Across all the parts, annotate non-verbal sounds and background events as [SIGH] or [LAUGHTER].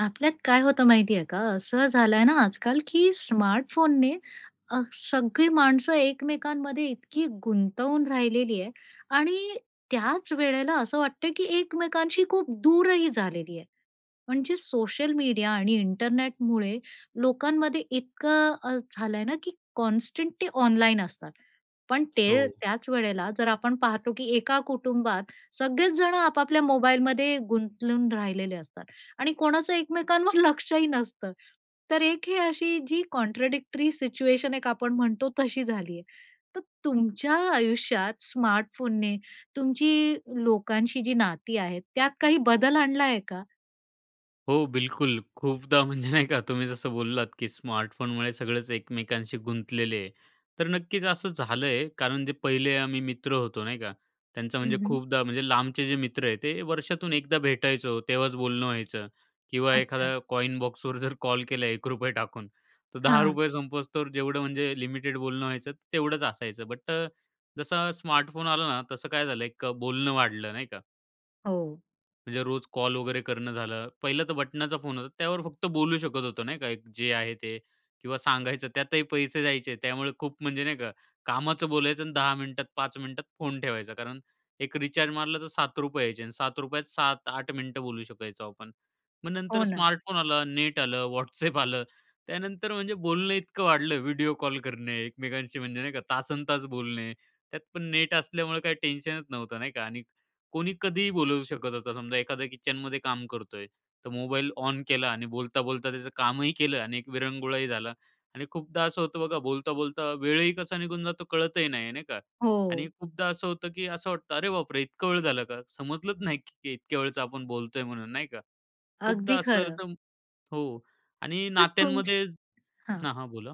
आपल्यात काय होतं माहिती आहे का? असं झालंय ना, आजकाल की स्मार्टफोनने अ, सगळी माणसं एकमेकांमध्ये इतकी गुंतवून राहिलेली आहे आणि त्याच वेळेला असं वाटतंय की एकमेकांशी खूप दूर ही झालेली आहे, म्हणजे सोशल मीडिया आणि इंटरनेटमुळे लोकांमध्ये इतकं अ, झालं आहे ना की कॉन्स्टंटली ऑनलाईन असतात. पण ते हो. त्याच वेळेला, जर आपण पाहतो की एका कुटुंबात, सगळेच जण आपापल्या मोबाईलमध्ये गुंतवून राहिलेले असतात आणि कोणाचं एकमेकांवर लक्ष ही नसतं. तर एक ही अशी जी कॉन्ट्राडिक्टरी सिच्युएशन एक आपण म्हणतो, तशी झाली आहे. तर तुमच्या आयुष्यात स्मार्टफोनने तुमची लोकांशी जी नाती आहेत, त्यात काही बदल आणला आहे का? हो, बिलकुल खूपदा, म्हणजे नाही का तुम्ही जसं बोललात की स्मार्टफोनमुळे सगळंच एकमेकांशी गुंतलेले आहे. तर नक्कीच असं झालंय, कारण जे पहिले आम्ही मित्र होतो नाही का. त्यांचं, हं, म्हणजे हं. खूपदा, म्हणजे लांबचे जे मित्र आहे, ते वर्षातून एकदा भेटायचो, तेव्हाच बोलणं व्हायचं किंवा अच्छा. एखादा कॉइन बॉक्सवर जर कॉल केला, ₹1 टाकून, तर दहा हां. रुपये संपेस्तोवर तर जेवढं, म्हणजे लिमिटेड बोलणं व्हायचं, तेवढंच असायचं. बट अ, जसा स्मार्टफोन आला ना, तसं काय झालं, एक बोलणं वाढलं, नाही का? हो. म्हणजे रोज कॉल वगैरे करणं झालं. पहिलं तर बटणाचा फोन होता. त्यावर फक्त बोलू शकत होतो, नाही का? एक जे आहे ते किंवा सांगायचं, त्यातही पैसे द्यायचे. त्यामुळे खूप म्हणजे नाही का कामाचं बोलायचं अन् 10 मिनिटात, 5 मिनिटात फोन ठेवायचा. कारण एक रिचार्ज मारला तर ₹7 यायचे अन् ₹7 त 7-8 मिनिटं बोलू शकायचो आपण. मग नंतर हो ना. स्मार्टफोन आला, नेट आलं, WhatsApp आलं. त्यानंतर म्हणजे बोलणं इतकं वाढलं, व्हिडिओ कॉल करणे, एकमेकांशी म्हणजे नाही का तासंतास बोलणे. त्यात पण नेट असल्यामुळं काही टेन्शनच नव्हतं, नाही का? आणि कोणी कधीही बोलवू शकत होतं. समजा एखाद्या किचनमध्ये काम करतोय, तर मोबाईल ऑन केला आणि बोलता-बोलता त्याचं कामही केलं आणि एक विरंगुळाही झाला. आणि खूपदा असं होतं बघा, बोलता-बोलता वेळही कसा निघून जातो कळतही नाही, नाही का? आणि हो. खूपदा असं होतं, की असं वाटतं, "अरे, बापरे, इतका वेळ झालं का? समजलंच नाही, की इतक्या वेळचं आपण बोलतोय म्हणून नाही का." खूपदा अगदी असं झालं खरं. तर हो. आणि तर तुमची नात्यांमध्ये हां. हां, हां, बोला.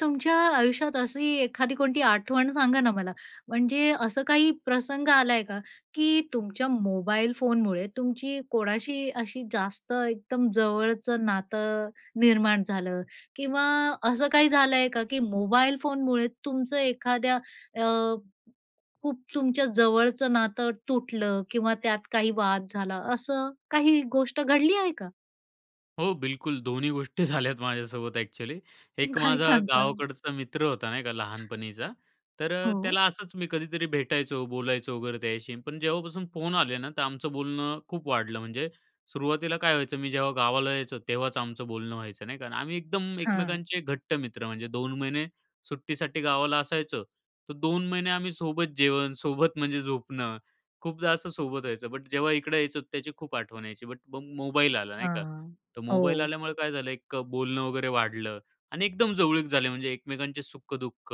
तुमच्या आयुष्यात अशी एखादी कोणती आठवण सांगा ना मला. म्हणजे असं काही प्रसंग आला आहे का की तुमच्या मोबाईल फोनमुळे तुमची कोणाशी अशी जास्त एकदम जवळचं नातं निर्माण झालं? किंवा असं काही झालं आहे का, की मोबाईल फोनमुळे तुमचं एखाद्या अ, खूप तुमच्या जवळचं नातं तुटलं किंवा त्यात काही वाद झाला असं काही गोष्ट घडली आहे का? हो, बिलकुल दोन्ही गोष्टी झाल्यात माझ्यासोबत ॲक्चुअली. एक काय माझा सांगता? गावाकडचा मित्र होता, नाही का, लहानपणीचा, तर अ, हो. त्याला असंच मी कधीतरी भेटायचो, बोलायचो वगैरे त्याच्याशी. पण जेव्हापासून फोन आले ना, तर आमचं बोलणं खूप वाढलं. म्हणजे सुरुवातीला काय व्हायचं, मी जेव्हा गावाला यायचो तेव्हाचं आमचं बोलणं व्हायचं नाही का? आम्ही एकदम हां. एकमेकांचे घट्ट मित्र म्हणजे 2 महिने सुट्टीसाठी गावाला असायचो. तर 2 महिने आम्ही सोबत जेवण, सोबत म्हणजे झोपणं, खूपदा असं सोबत व्हायचं. बट जेव्हा इकडं यायचो त्याची खूप आठवण यायची. बट मग मोबाईल आला नाही का? हां, तर मोबाईल हो. आल्यामुळं काय झालं एक अ, बोलणं वगैरे वाढलं आणि एकदम जवळीक झाले म्हणजे एकमेकांचे सुख-दुःख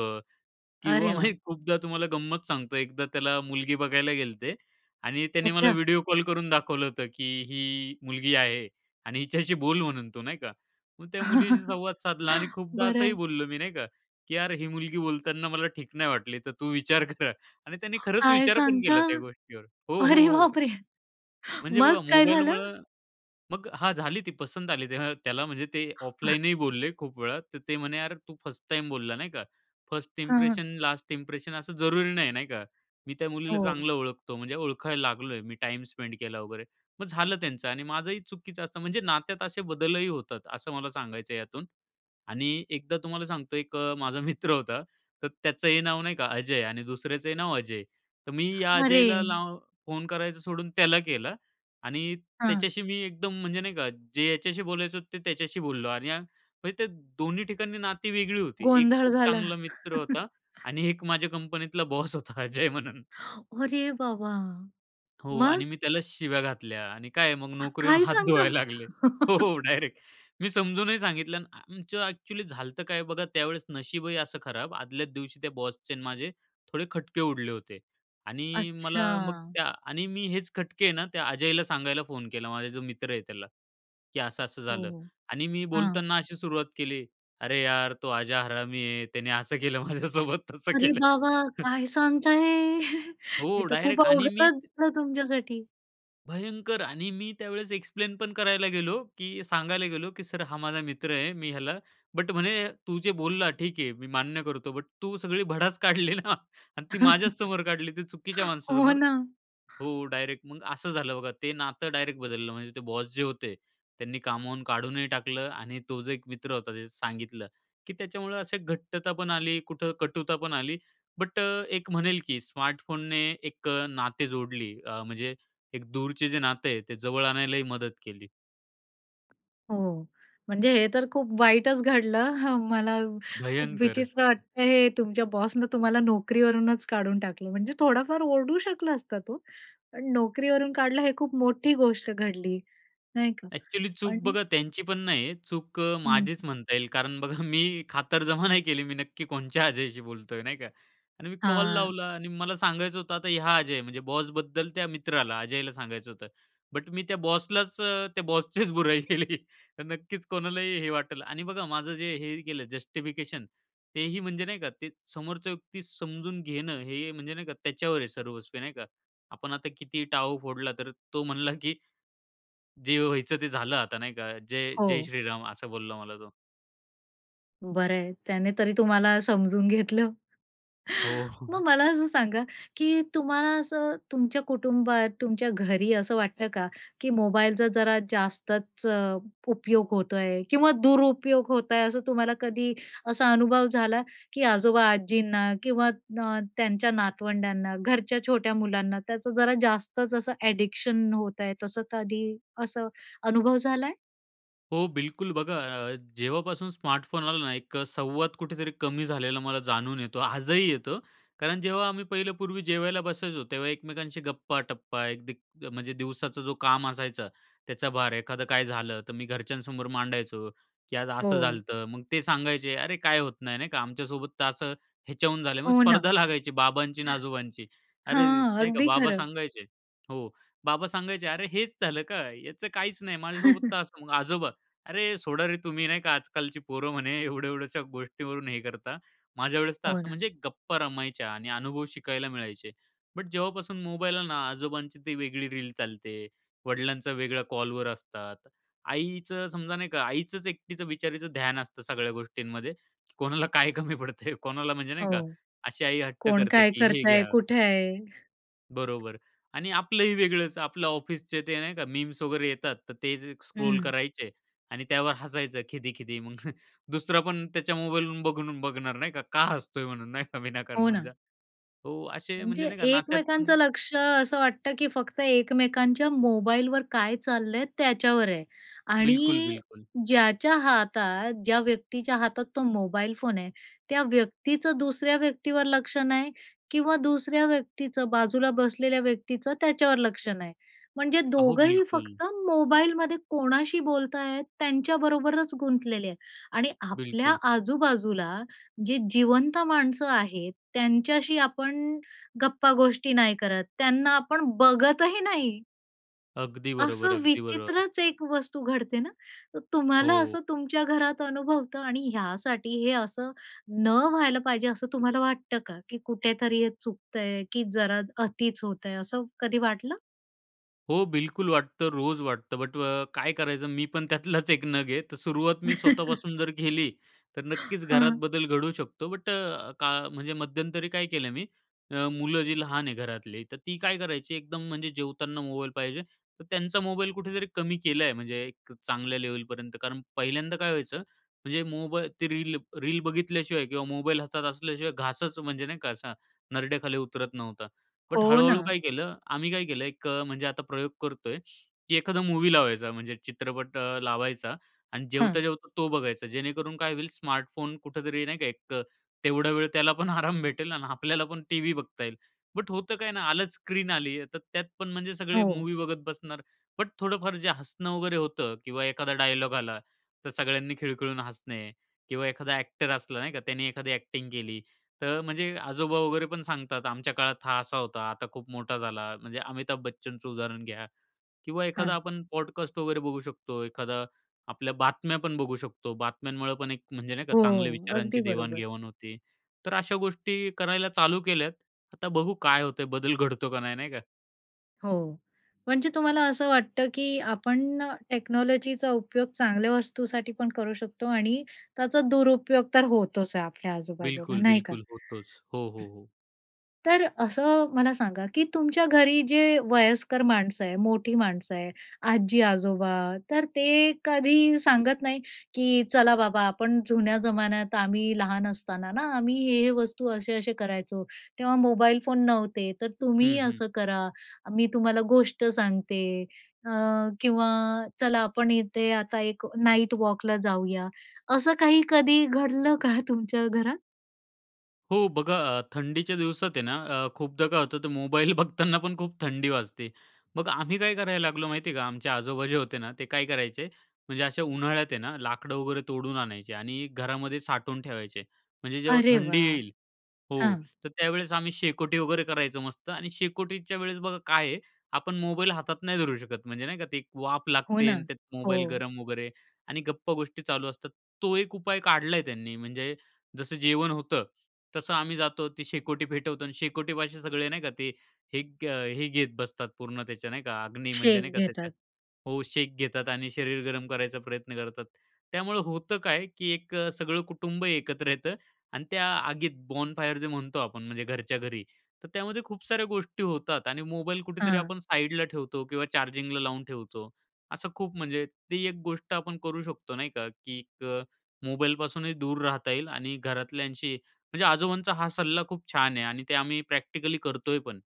किंवा अरे मी वाह! खूपदा तुम्हाला गंमत सांगतो. एकदा त्याला मुलगी बघायला गेलते आणि त्याने मला अच्छा. व्हिडिओ कॉल करून दाखवलं होतं, की "ही मुलगी आहे आणि हिच्याशी बोल म्हणून तू नाही का?" मग त्या मुलीशी [CHUCKLES] संवाद साधला आणि खूपदा बरं असंही आहे. बोललो मी, नाही का, की "यार ही मुलगी बोलताना मला ठीक नाही वाटली. तर तू विचार" "कर." आणि त्याने [GASPS] खरचं काय विचार पण सांगता? केला त्या गोष्टीवर हो, हो, अरे हो. बापरे! म्हणजे मग बघा काय झालं? मोबाईलमुळं. मग हां, झाली ती पसंत आली. तेव्हा त्याला म्हणजे ते [UNINTELLIGIBLE] ऑफलाईनही बोलले खूप वेळा. तर ते म्हणे, "यार, तू फर्स्ट टाईम बोलला, नाही का? फर्स्ट हां. इम्प्रेशन लास्ट इंप्रेशन असं जरुरी नाही, नाही का? मी त्या मुलीला हो. चांगलं ओळखतो, म्हणजे ओळखायला लागलोय. मी टाईम स्पेंड केला वगैरे." मग झालं त्यांचं आणि माझंही चुकीचं असतं म्हणजे नात्यात असे बदलही होतात, असं मला सांगायचं आहे यातून. आणि एकदा तुम्हाला सांगतो एक अ, माझा मित्र होता. तर त्याचं हे नाव नाही का अजय आणि दुसऱ्याचंही नाव अजय. तर मी या अरे! अजयला लाव फोन करायचं सोडून त्याला केलं आणि हां. त्याच्याशी मी एकदम म्हणजे नाही का जे याच्याशी बोलायचं ते त्याच्याशी बोललो आणि अ, म्हणजे ते दोन्ही ठिकाणी नाती वेगळी होती. एक गोंधळ खूप झाला. चांगला मित्र होता [CHUCKLES] आणि एक माझ्या कंपनीतला बॉस होता अजय म्हणून. [GASPS] अरे बाबा! हो. आणि मग? मी त्याला शिव्या घातल्या आणि काय आहे मग [GASPS] नोकरी होऊन काय हात सांगता? धुवायला लागले हो, [CHUCKLES] हो. डायरेक्ट मी समजूनही सांगितलं अन् आमचं ॲक्चुअली झालं होतं काय बघा, त्यावेळेस नशीबही असं खराब. आदल्याच दिवशी त्या बॉसचे आणि माझे थोडे खटके उडले होते. आणि मला मग अच्छा! त्या आणि मी हेच खटके आहे ना त्या अजयला सांगायला फोन केला, माझा जो मित्र आहे त्याला, की असं-असं हो, झालं. हो, आणि मी हां. बोलताना अशी सुरुवात केली. "अरे यार, तो आजा हरामी आहे. त्याने असं केलं माझ्यासोबत तसं अरे केलं." बाबा! [CHUCKLES] काय सांगताय? [CHUCKLES] हे हो. तर खूप डायरेक्ट आणि मी अवघडचं झालं तुमच्यासाठी. भयंकर आणि मी त्यावेळेस एक्सप्लेन पण करायला गेलो, की सांगायला गेलो, की "सर हा माझा मित्र आहे, मी ह्याला" बट म्हणे, "तू जे बोलला ठीक आहे, मी मान्य करतो. बट तू सगळी भडास काढली ना आणि ती माझ्याच समोर काढली ते चुकीच्या [CHUCKLES] हो माणसासमोर." ना. हो, डायरेक्ट मग असं झालं बघा, ते नातं डायरेक्ट बदललं म्हणजे ते बॉस जे होते त्यांनी कामावरून काढूनही टाकलं आणि तो जो एक मित्र होता, त्याचं सांगितलं, की त्याच्यामुळं असे घट्टता पण आली, कुठं कटुता पण आली. बट अ, एक म्हणेल, की स्मार्टफोनने एक अ, नाते जोडली अ, म्हणजे एक दूरचे जे नाते आहे, ते जवळ आणायलाही मदत केली. हो, म्हणजे हे तर खूप वाईटच घडलं. [CHUCKLES] मला खूप भयंकर. विचित्र वाटतंय हे तुमच्या बॉसनं तुम्हाला नोकरीवरूनच काढून टाकलं म्हणजे थोडाफार ओरडू शकला असता तो, पण नोकरीवरून काढलं हे खूप मोठी गोष्ट घडली नाही का? ॲक्चुअली चूक पण बघा त्यांची पण नाही आहे. चूक अ, हं. माझीच म्हणता येईल कारण बघा मी खातरजमा नाही केली, मी नक्की कोणच्या अजयशी बोलतोय नाही का? आणि मी कॉल हां. लावला आणि मला सांगायचं होतं आता ह्या अजय म्हणजे बॉसबद्दल त्या मित्राला अजयला सांगायचं होतं, बट मी त्या बॉसलाच अ, त्या बॉसचेच बुराई केली. तर नक्कीच कोणालाही हे वाटंल. आणि बघा, माझं जे हे केलं जस्टिफिकेशन तेही म्हणजे नाही का, ते समोरच्या व्यक्ती समजून घेणं, हे म्हणजे नाही का त्याच्यावर आहे सर्वस्वी नाही का? आपण आता किती टाहो फोडला तर तो म्हणला, की "जे व्हायचं ते झालं आता, नाही का, जय जय हो. श्रीराम" असं बोलला मला तो. बरं आहे, त्याने तरी तुम्हाला समजून घेतलं. हो. मग [CHUCKLES] मला असं सांगा, की तुम्हाला असं, तुमच्या कुटुंबात, तुमच्या घरी असं वाटतं का, की मोबाईलचा जरा जास्तच उपयोग होतो आहे किंवा दुरुपयोग होत आहे, असं तुम्हाला कधी असा अनुभव झाला, की आजोबा-आजींना किंवा ना त्यांच्या नातवंड्यांना, घरच्या छोट्या मुलांना, त्याचं जरा जास्तच असं अ‍ॅडिक्शन होत आहे, तसं कधी असं अनुभव झालाय? हो, बिलकुल बघा, अ, जेव्हापासून स्मार्टफोन आला ना, एक अ, संवाद कुठेतरी कमी झालेला मला जाणून येतो, आजही येतो. कारण जेव्हा आम्ही पहिलं पूर्वी जेवायला बसायचो, तेव्हा एकमेकांशी गप्पा-टप्पा एक दि म्हणजे दिवसाचं जो काम असायचं, त्याचा भार, एखादं काय झालं, तर मी घरच्यांसमोर मांडायचो, की "आज असं हो. झालतं." तर मग ते सांगायचे, "अरे! काय होत नाही" नाही का, "आमच्यासोबत तर असं ह्याच्याहून झालं" मग हो ना. स्पर्धा लागायची, बाबांची आणि आजोबांची अरे! हां, नाही का अगदी बाबा खरं. सांगायचे हो, बाबा सांगायचे, "अरे हेच झालं का, याचं काहीच नाही, माझ्यासोबत तर [CHUCKLES] असं." मग आजोबा, "अरे! सोडा रे तुम्ही नाही का आजकालची पोरं म्हणे एवढ्या-एवढ्याशा गोष्टीवरून हे करता, माझ्यावेळेस तर हो असं," ना. म्हणजे गप्पा रमायच्या आणि अनुभव शिकायला मिळायचे. बट जेव्हापासून मोबाईल आलं ना, आजोबांची ती वेगळी रील चालते, वडिलांचा वेगळ्या कॉलवर असतात. आईचं समजा नाही का आईचंच एकटीचं बिचारीचं ध्यान असतं सगळ्या गोष्टींमध्ये, कोणाला काय कमी पडतंय? कोणाला, म्हणजे नाही हो, का, अशी आई हट्ट कोण करते, काय की "हे करतंय? घ्या." कुठे आहे? बरोबर आणि आपलं ही वेगळंच, आपलं ऑफिसच ते नाही का मीम्स वगैरे येतात, तर ते जे स्क्रोल हं. करायचे आणि त्यावर हसायचं खिदी-खिदी. मग दुसरा पण त्याच्या मोबाईल वरून बघून बघणार नाही का, का हसतोय म्हणून नाही का विनाकारण हो म्हणजे ना. हो, असे म्हणजे म्हणजे नाही का नात्यात पण एकमेकांचं लक्ष असं वाटतं, की फक्त एकमेकांच्या मोबाईलवर काय चाललंय त्याच्यावर आहे बिलकुल, आणि बिलकुल. ज्याच्या हातात, ज्या व्यक्तीच्या हातात तो मोबाईल फोन आहे, त्या व्यक्तीचं दुसऱ्या व्यक्तीवर लक्ष नाही किंवा दुसऱ्या व्यक्तीचं, बाजूला बसलेल्या व्यक्तीचं त्याच्यावर लक्ष नाही. म्हणजे अहो, दोघंही बिलकुल. फक्त मोबाईलमध्ये कोणाशी बोलत आहेत, त्यांच्याबरोबरच गुंतलेले आहे आणि आपल्या बिलकुल. आजू-बाजूला जे जिवंत माणसं आहेत, त्यांच्याशी आपण गप्पा गोष्टी नाही करत, त्यांना आपण बघत ही नाही. अगदी बरोबर, असं अगदी बरोबर. विचित्रच एक वस्तू घडते ना, तर तुम्हाला हो. असं तुमच्या घरात अनुभवता आणि ह्यासाठी हे असं न व्हायला पाहिजे, असं तुम्हाला वाटतं का, की कुठेतरी हे चुकतंय की जरा अतिच होतंय असं कधी वाटलं? हो बिलकुल वाटतं, रोज वाटतं. बट अ, काय करायचं मी पण त्यातलाच एक नग आहे. तर सुरुवात मी [CHUCKLES] स्वतःपासून जर केली. तर नक्कीच घरात हां. बदल घडवू शकतो. बट अ, का म्हणजे मध्यंतरी काय केलं मी अ, मुलं जी लहान आहे घरातली, तर ती काय करायची एकदम म्हणजे जेवताना मोबाईल पाहिजे. तर त्यांचा मोबाईल कुठेतरी कमी केला आहे, म्हणजे एक चांगल्या लेवलपर्यंत. कारण पहिल्यांदा काय व्हायचं म्हणजे मोबाई ते रील रील बघितल्याशिवाय किंवा मोबाईल हातात असल्याशिवाय घासच म्हणजे नाही का, असा नरड्याखाली उतरत नव्हता. बट हो हळू-हळू ना. काय केलं आम्ही काय केलं एक अ, म्हणजे आता प्रयोग करतोय, की एखादा मूवी लावायचा म्हणजे चित्रपट अ, लावायचा आणि हां. जेवता-जेवता तो बघायचा. जेणेकरून काय होईल स्मार्टफोन कुठेतरी नाही का एक अ, तेवढा वेळ त्याला पण आराम भेटेल आणि आपल्याला पण टीव्ही बघता येईल. बट होतं काय ना, आलंच स्क्रीन आली, तर त्यात पण म्हणजे सगळे हो. मूव्ही बघत बसणार. बट थोडंफार जे हसणं वगैरे होतं किंवा एखादा डायलॉग आला तर सगळ्यांनी खिळखिळून हसणे किंवा एखादा ॲक्टर असला नाही का, त्याने एखादी ॲक्टिंग केली, तर म्हणजे आजोबा वगैरे पण सांगतात, "आमच्या काळात हा असा होता, आता खूप मोठा झाला." म्हणजे अमिताभ बच्चनचं उदाहरण घ्या किंवा एखादा हां. आपण पॉडकास्ट वगैरे बघू शकतो, एखादा आपल्या बातम्या पण बघू शकतो. बातम्यांमुळे पण एक म्हणजे नाही का, हो, चांगल्या विचारांची अगदी बरोबर. देवाण-घेवाण होते. तर अशा गोष्टी करायला चालू केल्या. आता बघू काय होतंय? बदल घडतो का नाही, नाही का. हो. म्हणजे तुम्हाला असं वाटतं, की आपण टेक्नॉलॉजीचा उपयोग चांगल्या वस्तूसाठी पण करू शकतो आणि त्याचा दुरुपयोग तर होतोच आहे आपल्या आजूबाजूला, बिलकुल, नाही का? बिलकुल होतोच. हो, हो, हो. [CLEARS THROAT] तर असं मला सांगा, की तुमच्या घरी जे वयस्कर माणसं आहे, मोठी माणसं आहे, आजी-आजोबा, तर ते कधी सांगत नाही, की "चला बाबा आपण जुन्या जमान्यात आम्ही लहान असताना ना आम्ही हे हे वस्तू असे-असे करायचो. तेव्हा मोबाईल फोन नव्हते, तर तुम्ही हं, हं. असं करा, मी तुम्हाला गोष्ट सांगते" अ, किंवा "चला आपण इथे आता एक नाईट वॉकला जाऊया." असं काही कधी घडलं [CHUCKLES] का तुमच्या घरात? हो. बघा, अ, थंडीच्या दिवसात आहे ना अ, खूपदा काय होतं तर मोबाईल बघताना पण खूप थंडी वाजते. मग आम्ही काय करायला लागलो माहिती आहे का? आमचे आजोबा जे होते ना, ते काय करायचे म्हणजे अशा उन्हाळ्यात आहे ना लाकडं वगैरे तोडून आणायचे आणि घरामध्ये साठवून ठेवायचे. म्हणजे जेव्हा अरे थंडी वाह! येईल हो. हां. तर त्यावेळेस आम्ही शेकोटी वगैरे करायचो मस्त आणि शेकोटीच्या वेळेस बघा काय आहे? आपण मोबाईल हातात नाही धरू शकत, म्हणजे नाही का ते एक वाफ हो लागते ना. आणि त्यात मोबाईल हो. गरम वगैरे आणि गप्पागोष्टी चालू असतात तो एक उपाय काढला आहे त्यांनी, म्हणजे जसं जेवण होतं, तसं आम्ही जातो, ती शेकोटी पेटवतो आणि शेकोटीपाशी सगळे नाही का, ते हे ग अ, हे घेत बसतात पूर्ण त्याचा नाही का? अग्नी म्हणजे नाही शेक का त्याच्या घेतात. हो. शेक घेतात आणि शरीर गरम करायचा प्रयत्न करतात. त्यामुळं होतं काय की एक अ, सगळं कुटुंब एकत्र येतं आणि त्या आगीत बॉनफायर जे म्हणतो आपण म्हणजे घरच्या घरी. तर त्यामध्ये खूप साऱ्या गोष्टी होतात आणि मोबाईल कुठेतरी हां. आपण साईडला ठेवतो किंवा चार्जिंगला लावून ठेवतो. असं खूप म्हणजे ती एक गोष्ट आपण करू शकतो, नाही का, की एक मोबाईलपासूनही दूर राहता येईल आणि घरातल्यांशी म्हणजे आजोबांचा हा सल्ला खूप छान आहे आणि ते आम्ही प्रॅक्टिकली करतोय पण.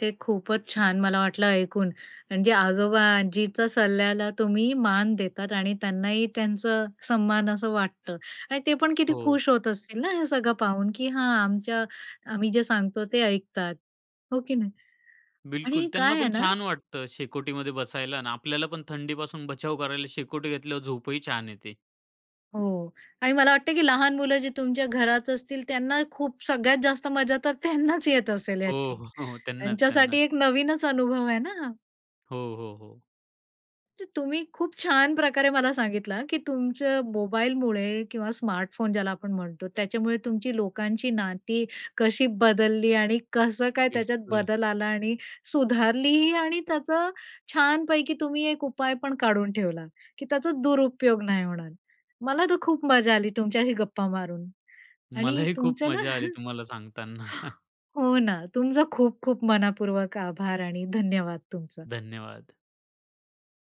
ते खूपच छान मला वाटलं ऐकून म्हणजे आजोबा-आजीच्या सल्ल्याला तुम्ही मान देतात आणि त्यांनाही त्यांचा सन्मान असं वाटतं. आणि ते पण किती हो. खुश होत असतील ना हे सगळं पाहून, की हां आमच्या आम्ही जे सांगतो ते ऐकतात. हो की नाही? बिलकुल, आणि त्यांना काय आहे पण ना छान वाटतं शेकोटीमध्ये बसायला अन् आपल्याला पण थंडीपासून बचाव करायला शेकोटी घेतल्यावर झोपही छान येते. हो. आणि मला वाटतं, की लहान मुलं जी तुमच्या घरात असतील त्यांना खूप सगळ्यात जास्त मजा तर त्यांनाच येत असेल हो, याची. हो, त्यांनाच त्यांच्यासाठी त्यांनाच. एक नवीनच अनुभव आहे ना हा. हो, हो, हो. तर तुम्ही खूप छान प्रकारे मला सांगितलं, की तुमचं मोबाईलमुळे किंवा स्मार्टफोन ज्याला आपण म्हणतो त्याच्यामुळे तुमची लोकांशी नाती कशी बदलली आणि कसं काय त्याच्यात बिलकुल. बदल आला आणि सुधारलीही आणि त्याचं छानपैकी तुम्ही एक उपाय पण काढून ठेवला, की त्याचा दुरुपयोग नाही होणार. मला तर खूप मजा आली तुमच्याशी गप्पा मारून आणि मलाही खूप तुमचं ना मजा आली [CHUCKLES] तुम्हाला सांगताना. हो ना, तुमचं खूप-खूप मनापूर्वक आभार आणि धन्यवाद तुमचं. धन्यवाद.